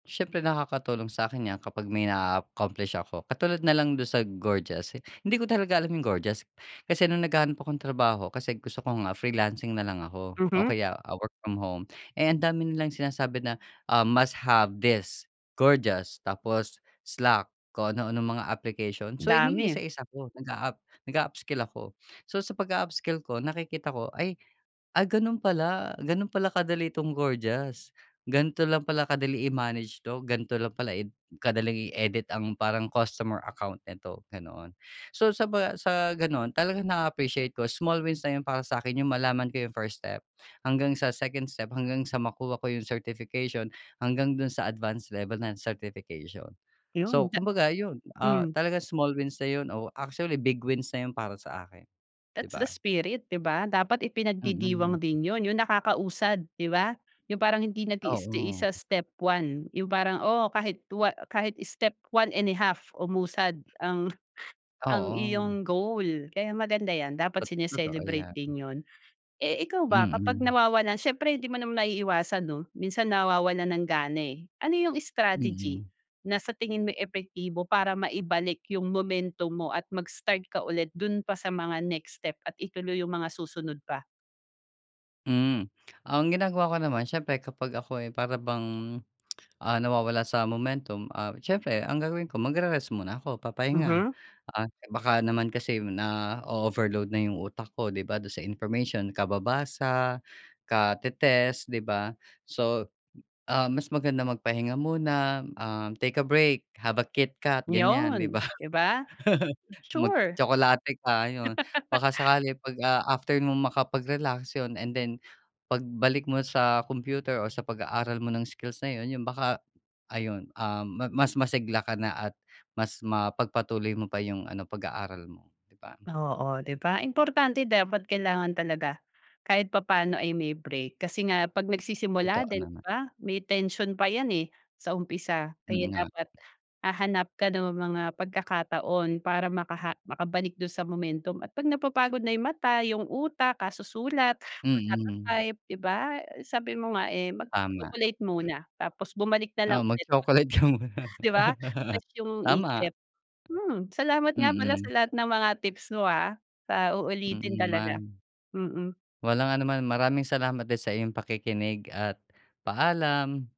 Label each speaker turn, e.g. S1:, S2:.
S1: Siyempre nakakatulong sa'kin yan kapag may naa-accomplish ako, katulad nalang dun sa Gorgias. Hindi ko talaga alam yung Gorgias, kasi nung naghahanap akong trabaho, kasi gusto ko nga freelancing nalang ako, o
S2: Mhm.
S1: kaya, ah, work from home. Eh, ang dami nalang sinasabi na, um, "Must have this Gorgias", tapos slack kung ano-anong mga application. So,
S2: Dami.
S1: inisa-isa ko nag-aap nag-a-upskill ako. So, sa pag-a-upskill ko nakikita ko ay, "Ay ganun pala, ganun pala kadali itong Gorgias. Gan'to lang pala kadali i-manage 'to. Gan'to lang pala i kadaling i-edit ang parang customer account nito," ganoon. So, sa pag, ah, sa gano'n talagang na-appreciate ko small wins na yun para sa'kin yung malaman ko yung first step, hanggang sa second step, hanggang sa makuha ko yung certification, hanggang dun sa advance level ng certification.
S2: 'Yon,
S1: So,
S2: ja
S1: kumbaga yun, ah,
S2: mm.
S1: talagang small wins na yun, oh, actually big wins na yun para sa akin, di
S2: That's the
S1: ba?
S2: spirit, 'di ba? Dapat ipinagdidiwang
S1: Mm.
S2: din yun, yung nakakausad, 'di ba? Yung parang hindi nagi-stay
S1: Oo.
S2: sa step one, yung parang, oo, kahit wa kahit step 1 1/2 umusad ang ang iyong
S1: Oo.
S2: goal kaya maganda yan dapat
S1: Tot totoo
S2: sine-celebrate
S1: 'yan.
S2: din yun. Eh, ikaw ba kapag
S1: Mm.
S2: nawawalan siyempre 'di mo maiiwasan 'no, minsan nawawalan ng gana, eh. Ano yung strategy
S1: Mm.
S2: na sa tingin mo epektibo para maibalik yung momentum mo at mag-start ka ulit dun pa sa mga next step at ituloy yung mga susunod pa?
S1: Mm. Ang ginagawa ko naman, siyempre kapag ako'y para bang, ah, nawawala sa momentum, ah, siyempre ang gagawin ko magre-rest muna ako, papahinga.
S2: Mhm.
S1: Ah, baka naman kasi nao-overload na yung utak ko, 'di ba, dun sa information kababasa, kate-test, 'di ba? So, ah, mas maganda magpahinga muna, um, "Take a break, have a Kitkat," gan'yan, 'di
S2: 'Yun,
S1: ba?
S2: 'di ba? Sure.
S1: Magtsokolate ka, ayon. Baka sakali pag, ah, after mo makapag-relax yun, and then pagbalik mo sa computer, or sa pag-aaral mo ng skills na yun, yun baka, ayun, um, ma mas masigla ka na at mas mapagpatuloy mo pa yung ano pag-aaral mo, 'di ba?
S2: Oo, 'di ba. Importante dapat kailangan talaga kahit papaano ay may break, kasi nga pag nagsisimula
S1: Totoo
S2: din 'di
S1: naman.
S2: ba, may tension pa yan, eh, sa umpisa. Kaya
S1: Mm nga.
S2: dapat hahanap ka ng mga pagkakataon para makaha makabalik dun sa momentum at pag napapagod na yung mata, yung utak, kasusulat,
S1: Mm.
S2: pagkata-type 'di ba? Sabi mo nga, eh,
S1: Tama.
S2: mag-chocolate muna tapos bumalik na lang
S1: Oo,
S2: ulit.
S1: mag-chocolate ka muna.
S2: 'Di ba? Tas yung isip,
S1: Tama.
S2: hmm. Salamat nga pala sa
S1: Mm.
S2: lahat ng mga tips mo, ah, sa uulitin
S1: Mm,
S2: talaga,
S1: man.
S2: mm.
S1: Walang anuman. Maraming salamat din sa iyong pakikinig, at paalam.